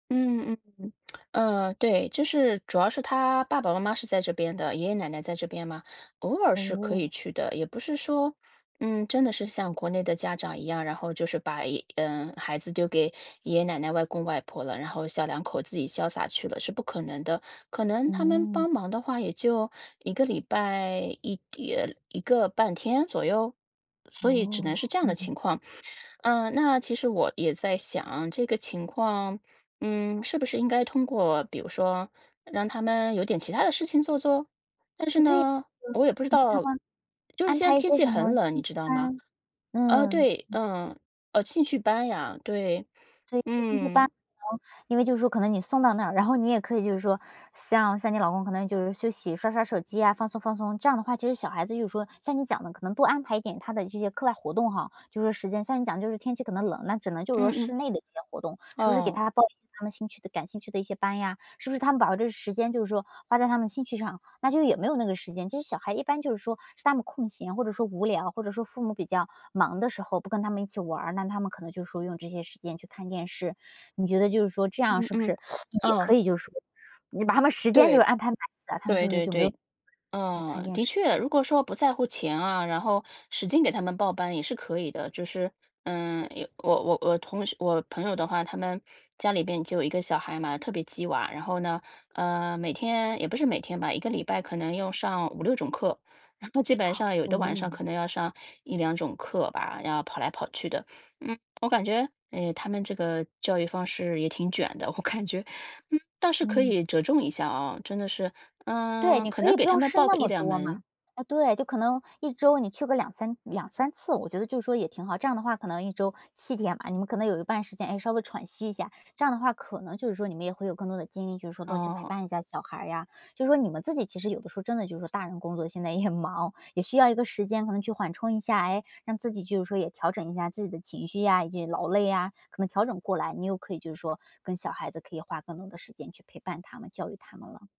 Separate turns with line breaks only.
嗯嗯嗯，呃，对，就是主要是他爸爸妈妈是在这边的，爷爷奶奶在这边嘛，偶尔是可以
哦。
去的，也不是说，嗯，真的是像国内的家长一样，然后就是把一呃，孩子丢给爷爷奶奶、外公外婆了，然后小两口自己潇洒去了，是不可能的，可能他们
嗯。
帮忙的话，也就1个礼拜1呃，1个半天左右？所以只能
哦，
是这样
嗯
的
嗯。
情况。嗯，那其实我也在想，这个情况，嗯，是不是应该通过，比如说让他们有点其他的事情做做？但是
哎，对，嗯，
呢，我也不知
你给他
道，
们
就是
安
现在
排一
天
些
气
什
很
么
冷，你
兴
知
趣
道吗？
班，
呃，
嗯。
对，嗯，呃，兴趣班呀，对，
对，就兴趣班，
嗯。
然后，因为就是说可能你送到那儿，然后你也可以就是说像像你老公可能就是休息，刷刷手机呀，放松放松。这样的话，其实小孩子就是说像你讲的可能多安排一点他的这些课外活动哈-就说时间。像你讲的就是天气可能冷，那只能就是
嗯
说
嗯。
室内的一些活动，是不是给
哦。
他报一些他们兴趣的感兴趣的一些班呀，是不是他们把这时间，就是说花在他们兴趣上，那就也没有那个时间。其实小孩一般就是说是他们空闲或者说无聊，或者说父母比较忙的时候，不跟他们一起玩儿，那他们可能就是说用这些时间去看电视，你觉得就是说这样
嗯
是不是
嗯，
也可
哦。
以就是说。你把他们时间就是
对，
安排满的，他们是
对
不是
对
就没有
对，
时间去看
嗯，
电
的
视呢？
确，如果说不在乎钱啊，然后使劲给他们报班也是可以的。就是，嗯，有我我我同学我朋友的话，他们家里边就1个小孩嘛，特别激娃，然后呢，呃，每天也不是每天吧，1个礼拜可能用上5，6种课，基本 上有的晚上
哦。
可能要上1，2种课吧，要跑来跑去的。嗯，我感觉，诶，他们这个教育方式也挺卷的，我感觉，嗯，倒是可
嗯。
以折中一下哦，真的是，
对，
呃，
你
可
可
能
以
给
不
他
用
们
试
报
那
个一
么
两
多
门。
嘛，啊，对，就可能1周你去个2，32，3次，我觉得就是说也挺好。这样的话可能1周7天嘛，你们可能有一半时间，诶，稍微喘息一下，这样的话可能就是说你们也会有更多的精力，就是说多去陪
哦。
伴一下小孩儿呀，就是说你们自己其实有的时候，真的就是说大人工作现在也忙，也需要一个时间可能去缓冲一下，诶，让自己就是说也调整一下自己的情绪呀以及劳累呀，可能调整过来，你又可以就是说跟小孩子可以花更多的时间去陪伴他们、教育他们了。